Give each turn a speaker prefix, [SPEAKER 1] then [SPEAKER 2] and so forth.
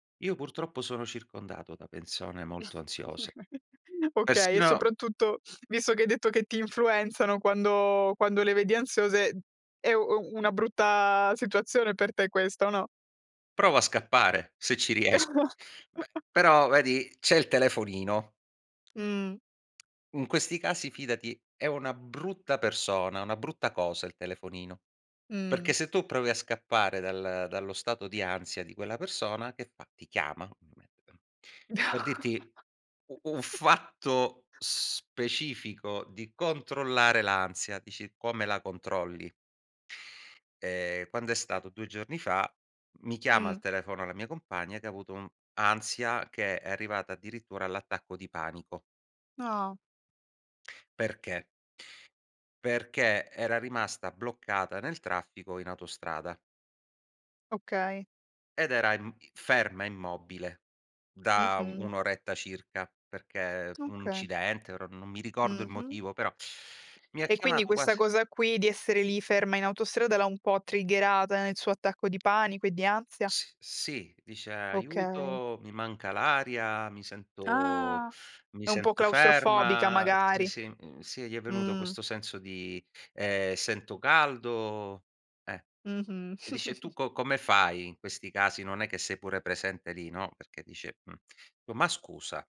[SPEAKER 1] Io purtroppo sono circondato da persone molto ansiose.
[SPEAKER 2] Okay, e
[SPEAKER 1] Persino
[SPEAKER 2] soprattutto visto che hai detto che ti influenzano, quando quando le vedi ansiose, è u una brutta situazione per te questa, o no?
[SPEAKER 1] Provo a scappare, se ci riesco. Beh, però vedi c'è il telefonino.
[SPEAKER 2] Mh.
[SPEAKER 1] In questi casi fidati è una brutta persona, una brutta cosa il telefonino. Perché
[SPEAKER 2] Mh.
[SPEAKER 1] se tu provi a scappare dal dallo stato di ansia di quella persona, che fa? Ti chiama, ovviamente, ehm, per dirti, u un fatto specifico di controllare l'ansia, dici: "Come la controlli?" Ehm, quando è stato? 2 giorni fa, mi chiama al
[SPEAKER 2] Mh.
[SPEAKER 1] telefono la mia compagna, che avuto un ansia, che è arrivata addirittura all'attacco di panico.
[SPEAKER 2] Ah.
[SPEAKER 1] Perché? Perché era rimasta bloccata nel traffico in autostrada.
[SPEAKER 2] Okay.
[SPEAKER 1] Ed era im ferma immobile, da
[SPEAKER 2] Mh-mh.
[SPEAKER 1] 1 oretta circa, perché un
[SPEAKER 2] Okay
[SPEAKER 1] incidente ora non mi ricordo il
[SPEAKER 2] Mh-mh.
[SPEAKER 1] motivo, però, mi ha
[SPEAKER 2] E quindi
[SPEAKER 1] chiamato
[SPEAKER 2] questa
[SPEAKER 1] quasi
[SPEAKER 2] cosa qui, di essere lì ferma in autostrada, l'ha un po' triggerata nel suo attacco di panico e di ansia?
[SPEAKER 1] S sì, dice:
[SPEAKER 2] Okay.
[SPEAKER 1] "Aiuto, mi manca l'aria, mi sento
[SPEAKER 2] Ah.
[SPEAKER 1] mi
[SPEAKER 2] È un po'
[SPEAKER 1] sento
[SPEAKER 2] claustrofobica
[SPEAKER 1] ferma". Sì,
[SPEAKER 2] magari.
[SPEAKER 1] sì, mhmm, sì, gli è venuto
[SPEAKER 2] Mh.
[SPEAKER 1] questo senso di ehm, "sento caldo." Eh.
[SPEAKER 2] Mh-mh.
[SPEAKER 1] E dice, tu co come fai in questi casi, non è che sei pure presente lì, no, perché dice, mhmm, dico: "Ma scusa"